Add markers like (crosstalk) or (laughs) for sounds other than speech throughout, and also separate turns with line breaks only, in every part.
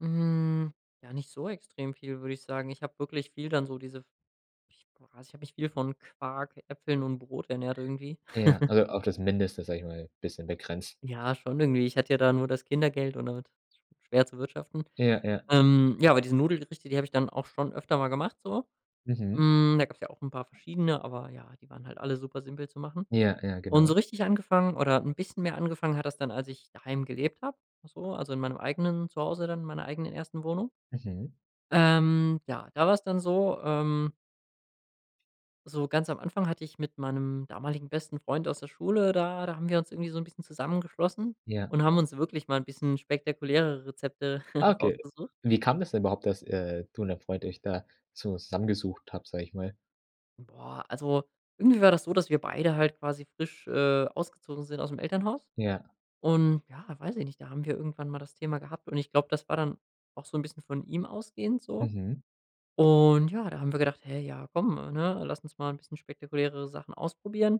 Hm, ja, nicht so extrem viel, würde ich sagen. Ich habe wirklich viel dann so diese ich ich habe mich viel von Quark, Äpfeln und Brot ernährt irgendwie.
Ja,
(giggles)
also auf das Mindeste, sag ich mal, bisschen begrenzt.
Ja, schon irgendwie. Ich hatte ja dann nur das Kindergeld und damit schwer zu wirtschaften.
Ja, ja.
Ähm, ja, aber diese Nudelgerichte, die habe ich dann auch schon öfter mal gemacht so.
Mhm.
Hm, da gab es ja auch 'n paar verschiedene, aber ja, die waren halt alle super simpel zu machen.
Ja, ja,
Und so
genau.
richtig angefangen oder 'n bisschen mehr angefangen hat das dann, als ich daheim gelebt habe, so, also in meinem eigenen Zuhause dann, in meiner eigenen ersten Wohnung.
Mhm.
Ähm, ja, da war es dann so, ähm So ganz am Anfang hatte ich mit meinem damaligen besten Freund aus der Schule da da haben wir uns irgendwie so 'n bisschen zusammengeschlossen
Ja.
und haben uns wirklich mal 'n bisschen spektakulärere Rezepte (chuckles)
Okay,
rausgesucht.
wie kam das denn überhaupt, dass, äh, du und dein Freund euch da zusammengesucht habt, sag ich mal?
Boah, also, irgendwie war das so, dass wir beide halt quasi frisch, äh, ausgezogen sind ausm Elternhaus.
Ja.
Und ja, weiß ich nicht, da haben wir irgendwann mal das Thema gehabt und ich glaube, das war dann auch so 'n bisschen von ihm ausgehend so.
Mhm.
Und ja, da haben wir gedacht: „Hä ja, komm, ne? Lass uns mal 'n bisschen spektakuläre Sachen ausprobieren.”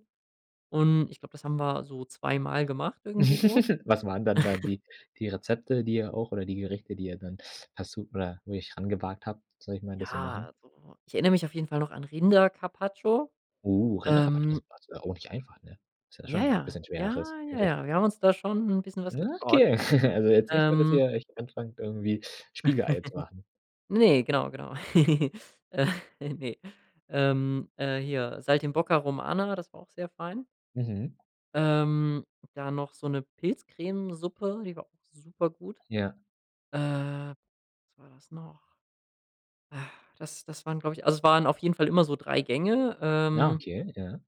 Und ich glaube, das haben wir so 2 Mal gemacht irgendwie so.
(laughs) Was waren dann da
(chuckles)
die die Rezepte, die ihr auch oder die Gerichte, die ihr dann hast du oder wo ihr euch rangewagt habt? Sag ich mal, das zu
Ja,
machen?
so Ich erinnere mich auf jeden Fall noch an Rinder-Carpaccio.
Oh, Rinder-Carpaccio
Ähm
(unintelligible) auch nicht einfach, ne? Ist ja
Ja,
schon 'n
ja.
bisschen
Ja.
schwereres
Ja,
Gericht.
ja, wir haben uns da schon 'n bisschen was
Na,
getraut.
okay. (chuckles) Also jetzt nicht nur, dass
Ähm
ihr euch anfangt, irgendwie Spiegeleier zu machen.
(laughs) Ne, genau, genau. (giggles) Äh. Ne. Ähm, äh, hier Saltimbocca Romana, das war auch sehr fein.
Mhm.
Ähm, dann noch so 'ne Pilzcremesuppe, die war auch super gut.
Ja.
Äh, was war das noch? Ach, das das waren, glaube ich Also, es waren auf jeden Fall immer so 3 Gänge,
Ah,
ähm
okay, ja.